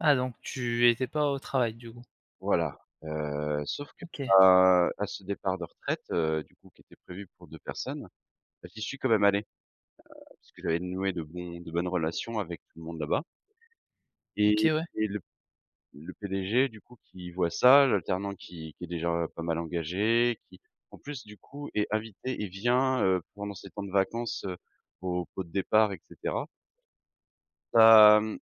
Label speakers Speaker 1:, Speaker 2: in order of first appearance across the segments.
Speaker 1: Ah, donc tu étais pas au travail, du coup?
Speaker 2: Voilà, heu, sauf qu'à
Speaker 1: OK.
Speaker 2: à ce départ de retraite, heu, du coup, qui était prévu pour 2 personnes, j'y suis quand même allé, heu, parce que j'avais noué de bons de bonnes relations avec tout le monde là-bas et
Speaker 1: OK, ouais.
Speaker 2: le le PDG du coup, qui voit, ça, l'alternant qui qui est déjà pas mal engagé, qui en plus, du coup, est invité et vient, heu, pendant ses temps de vacances, heu, au pot de départ et cetera hem,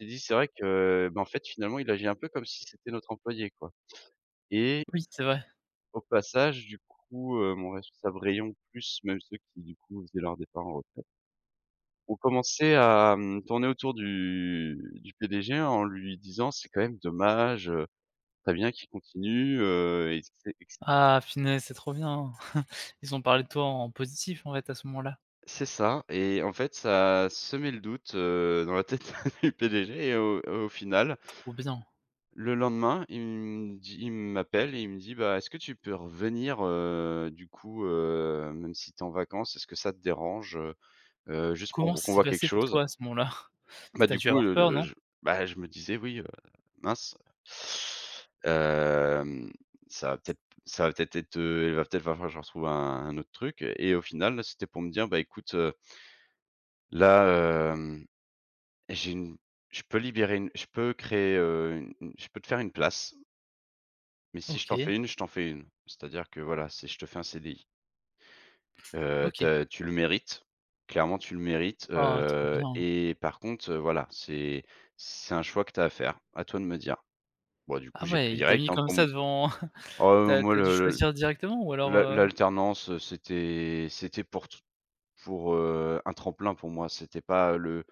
Speaker 2: il s'est dit: «C'est vrai que, bah, en fait, finalement, il agit un peu comme si c'était notre employé», quoi et
Speaker 1: Oui, c'est vrai.
Speaker 2: au passage, du coup, heu, mon responsable rayon plus même ceux qui, du coup, faisaient leur départ en retraite ont commencé à, mmh, tourner autour du du PDG en lui disant: «C'est quand même dommage, heu, ce serait bien qu'il continue», heu et ce et ce
Speaker 1: Ah punaise! C'est trop bien, ils ont parlé de toi en positif, en fait, à ce moment-là?
Speaker 2: C'est ça et en fait, ça a semé le doute, heu, dans la tête du PDG et au et au final
Speaker 1: Trop bien!
Speaker 2: le lendemain, il me dit il m'appelle et il me dit: «Bah, est-ce que tu peux revenir, heu, du coup, heu, même si tu es en vacances, est-ce que ça te dérange, heu heu, juste
Speaker 1: Comment
Speaker 2: pour
Speaker 1: ça
Speaker 2: qu'on
Speaker 1: s'est
Speaker 2: voit quelque
Speaker 1: passé pour
Speaker 2: chose?»
Speaker 1: toi à ce moment-là?
Speaker 2: Bah,
Speaker 1: Tu as
Speaker 2: du
Speaker 1: dû
Speaker 2: coup,
Speaker 1: avoir
Speaker 2: heu, de,
Speaker 1: peur,
Speaker 2: heu,
Speaker 1: non?
Speaker 2: je, bah, je me disais: «Oui, heu, mince, hem, ça va peut-être ça va peut-être être, heu, il va peut-être falloir que je retrouve un autre truc» et au final, bah, c'était pour me dire: «Bah, écoute, heu» «là, hem, j'ai, une je peux libérer une je peux créer, heu, u une je peux te faire une place» «mais si je t'en
Speaker 1: OK.
Speaker 2: fais une je t'en fais une, c'est-à-dire que voilà, c'est je te fais un CDI» «heu,
Speaker 1: OK.
Speaker 2: ta tu le mérites clairement, tu le mérites,
Speaker 1: Ah, trop
Speaker 2: heu
Speaker 1: bien!
Speaker 2: et par contre, heu, voilà, c'est c'est un choix que tu as à faire, à toi de me dire», bah, du coup,
Speaker 1: Ah
Speaker 2: j'ai
Speaker 1: ouais,
Speaker 2: pris
Speaker 1: il t'a
Speaker 2: direct,
Speaker 1: mis
Speaker 2: hein,
Speaker 1: comme
Speaker 2: pour
Speaker 1: ça
Speaker 2: m
Speaker 1: devant
Speaker 2: oh,
Speaker 1: tu
Speaker 2: heu,
Speaker 1: as
Speaker 2: moi
Speaker 1: tu as dû
Speaker 2: le le
Speaker 1: choisir directement ou alors,
Speaker 2: l'a
Speaker 1: heu?
Speaker 2: l'alternance, c'était c'était pour te pour, heu, un tremplin, pour moi, c'était pas le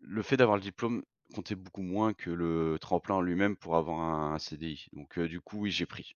Speaker 2: le fait d'avoir le diplôme comptait beaucoup moins que le tremplin en lui-même pour avoir un CDI donc heu, du coup, oui, j'ai pris.